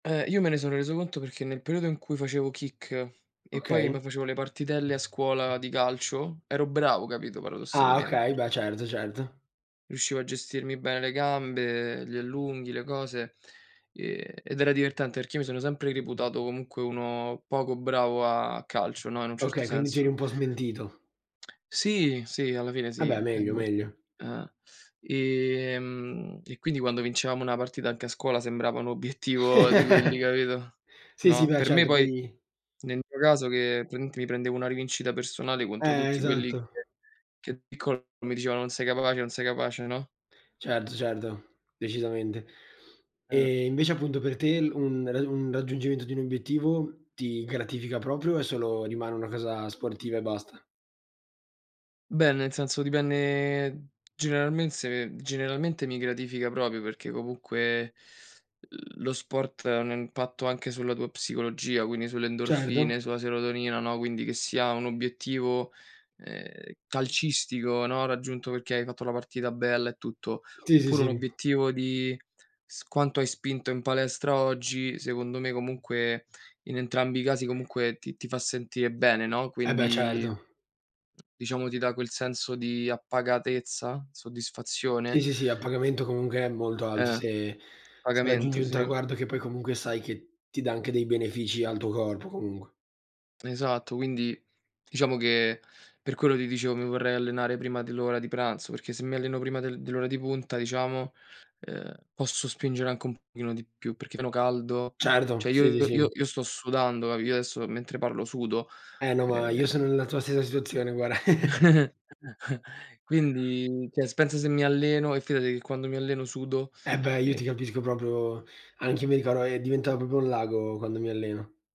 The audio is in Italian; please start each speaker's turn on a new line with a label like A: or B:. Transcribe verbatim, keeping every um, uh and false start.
A: Uhm, io me ne son reso conto perché nel periodo in cui facevo kick e poi me
B: Okay.
A: facevo le partitelle a scuola di calcio, ero bravo, capito,
B: Ah!
A: paradossalmente
B: Okay,
A: perc
B: beh certo, certo.
A: riuscivo a gestirmi bene le gambe, gli allunghi, le cose, e ed era divertente perché io mi sono sempre reputato comunque uno poco bravo a calcio, no, in un certo
B: Okay, quindi ti eri
A: senso.
B: un po' smentito.
A: Sì, sì, alla fine
B: Eh
A: sì.
B: beh,
A: E
B: meglio,
A: mol
B: meglio.
A: eh. Ehm, e quindi quando vincevamo una partita, anche a scuola sembrava un obiettivo di quelli, capito,
B: Sì, sì,
A: no.
B: beh
A: Per me
B: certo. Poi
A: poi, nel mio caso, che praticamente mi prendevo una rivincita personale contro
B: Eh,
A: tutti quelli che
B: esatto.
A: che da piccolo mi dicevano: "Non sei capace, non sei capace", no?
B: Certo, certo, decisamente.
A: Eh.
B: E invece appunto per te un rad un raggiungimento di un obiettivo ti gratifica proprio, o è solo rimane una casa sportiva e basta?
A: Beh, nel senso, dipenne generalmense generalmente mi gratifica proprio perché comunque lo sport ha un impatto anche sulla tua psicologia, quindi sulle
B: Certo.
A: endorfine, sulla serotonina, no, quindi che sia un obiettivo, uhm, calcistico, no, raggiunto perché hai fatto la partita bella e tutto,
B: Sì, sì,
A: oppure un
B: sì.
A: obiettivo di s quanto hai spinto in palestra oggi, secondo me comunque in entrambi i casi comunque ti ti fa sentire bene, no,
B: Eh beh,
A: quindi
B: certo.
A: diciamo ti dà quel senso di appagatezza?
B: Sì,
A: Soddisfazione?
B: sì, sì, a pagamento comunque è molto alto
A: Eh.
B: se se raggiungi
A: Appagamento,
B: un
A: sì.
B: traguardo che poi comunque sai che ti dà anche dei benefici al tuo corpo, comunque.
A: Esatto, quindi diciamo che per quello ti dicevo mi vorrei allenare prima dell'ora di pranzo, perché se mi alleno prima del dell'ora di punta, diciamo, uhm, posso spingere anche un pochino di più, perché meno caldo.
B: Certo,
A: Cioè
B: sì, sì,
A: io io
B: sì.
A: io sto sudando, capi io adesso mentre parlo sudo.
B: Eh no, ma io sono
A: Ehm
B: nella tua stessa situazione, guara.
A: Quindi, ceh s pensa se mi alleno e fidati che quando mi alleno sudo.
B: Eh beh, io
A: E
B: ti capisco proprio. Anche io mi ricordo e diventavo propio un lago, quando mi alleno.